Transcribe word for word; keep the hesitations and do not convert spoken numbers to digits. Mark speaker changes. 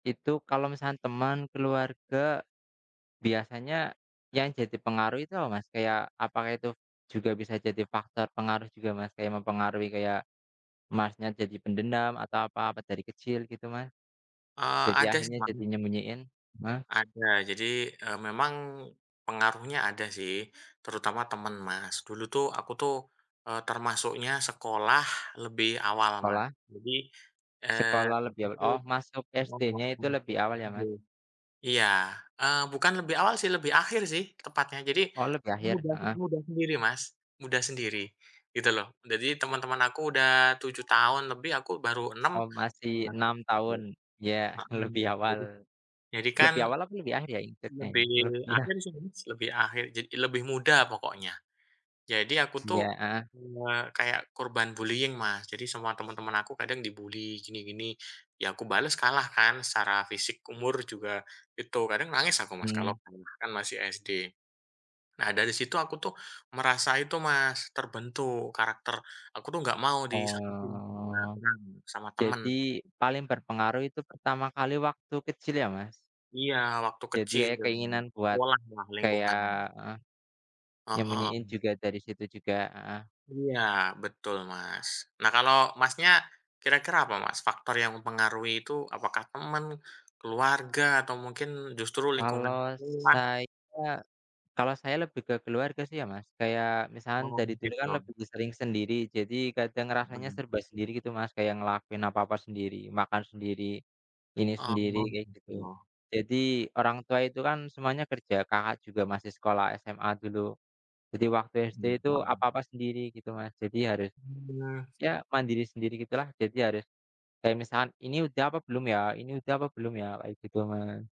Speaker 1: Itu kalau misalkan teman, keluarga, biasanya yang jadi pengaruh itu apa, Mas? Kayak, apakah itu juga bisa jadi faktor pengaruh juga, Mas? Kayak mempengaruhi kayak Mas nya jadi pendendam atau apa pas dari kecil, gitu Mas.
Speaker 2: Eee,
Speaker 1: Jadi
Speaker 2: ada sih,
Speaker 1: akhirnya jadi
Speaker 2: Mas.
Speaker 1: nyembunyiin ma
Speaker 2: Ada. Jadi, eee, memang pengaruhnya ada sih. Terutama teman, Mas. Dulu tuh aku tuh, eee, termasuknya sekolah lebih awal, Mas.
Speaker 1: Sekolah.
Speaker 2: Jadi, eee
Speaker 1: Sekolah
Speaker 2: di
Speaker 1: lebih
Speaker 2: situ,
Speaker 1: oh, masuk
Speaker 2: mhm,
Speaker 1: SD-nya itu lebih
Speaker 2: masuk
Speaker 1: awal ya, Mas?
Speaker 2: sendiri iya. Eee, bukan lebih awal sih, lebih akhir sih tepatnya. Jadi,
Speaker 1: Oh, lebih akhir.
Speaker 2: muda sih
Speaker 1: Heeh.
Speaker 2: muda sendiri, Mas. Muda sendiri gitu loh. Jadi teman-teman aku udah tujuh tahun lebih, aku baru enam.
Speaker 1: Oh, masih
Speaker 2: Iya sih
Speaker 1: enam tahun, ya lebih awal.
Speaker 2: Jadi jadi kan
Speaker 1: Lebih awal apa lebih akhir ya hitungannya?
Speaker 2: lebih
Speaker 1: Eh, iya.
Speaker 2: akhir sih, Mas. Lebih akhir jad lebih muda pokoknya. Jadi aku tuh
Speaker 1: Iya. Heeh.
Speaker 2: cuma kayak korban bullying, Mas. Jadi semua teman-teman aku kadang di bully gini-gini. Ya aku bales kalah kan secara fisik, umur juga itu. Kadang nangis aku, Mas, kalau
Speaker 1: Mmm.
Speaker 2: kalah kan masih SD. Nah, dari situ aku tuh merasa itu, Mas, terbentuk karakter. Aku tuh nggak mau disakitin sama
Speaker 1: Oh.
Speaker 2: orang, gitu, sama teman.
Speaker 1: Jadi, paling berpengaruh itu pertama kali waktu kecil ya, Mas?
Speaker 2: Iya, waktu
Speaker 1: Jadi
Speaker 2: kecil.
Speaker 1: ada keinginan kuat
Speaker 2: Sekolah lah,
Speaker 1: kayak
Speaker 2: lingkungan.
Speaker 1: heeh.
Speaker 2: Heeh.
Speaker 1: Nyembunyiin
Speaker 2: Mmm.
Speaker 1: juga dari situ juga. Heeh.
Speaker 2: Iya. Betul, Mas. Nah kalau Masnya kira-kira apa, Mas, faktor yang mempengaruhi itu, apakah teman, keluarga, atau mungkin justru lingkungan
Speaker 1: Kalau
Speaker 2: rumah?
Speaker 1: saya kalau saya lebih ke keluarga sih ya, Mas. Kayak misalkan
Speaker 2: Oh,
Speaker 1: dari dulu kan
Speaker 2: gitu.
Speaker 1: lebih sering sendiri. Jadi kadang rasanya
Speaker 2: Mmm.
Speaker 1: serba sendiri gitu, Mas. Kayak ngelakuin apa-apa sendiri, makan sendiri, ini
Speaker 2: Oh,
Speaker 1: sendiri kayak gitu.
Speaker 2: gitu.
Speaker 1: Jadi, orang tua itu kan semuanya kerja. Kakak juga masih sekolah SMA dulu. Jadi waktu SD
Speaker 2: Hmm,
Speaker 1: itu
Speaker 2: mhm.
Speaker 1: apa-apa sendiri gitu, Mas. Jadi harus
Speaker 2: [unintelligible]
Speaker 1: ya mandiri sendiri gitulah. Jadi harus kayak misalkan, "Ini udah apa belum ya ini udah apa belum ya?" Kayak gitu, Mas.